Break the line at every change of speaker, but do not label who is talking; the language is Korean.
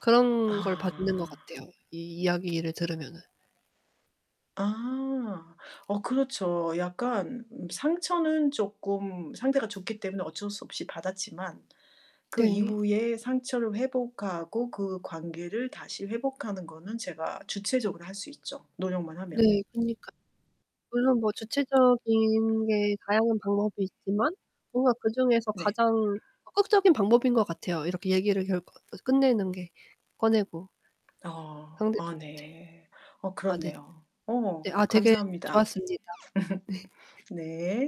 그런 걸 받는 것
아.
같아요 이 이야기를 들으면은.
아. 어 그렇죠. 약간 상처는 쪼끔 상태가 좋기 때문에 어쩔 수 없이 받았지만 그
네.
이후에 상처를 회복하고 그 관계를 다시 회복하는 거는 제가 주체적으로 할 수 있죠 노력만 하면.
네, 그러니까 물론 뭐 주체적인 게 다양한 방법이 있지만 뭔가 그중에서
네.
가장 적극적인 방법인 것 같아요 이렇게 얘기를 결구 어 끝내는 게 꺼내고.
어. 아
상대방한테.
네. 어
아 네.
그렇네요.
네.
어
아 되게
감사합니다.
좋았습니다. 네.
네.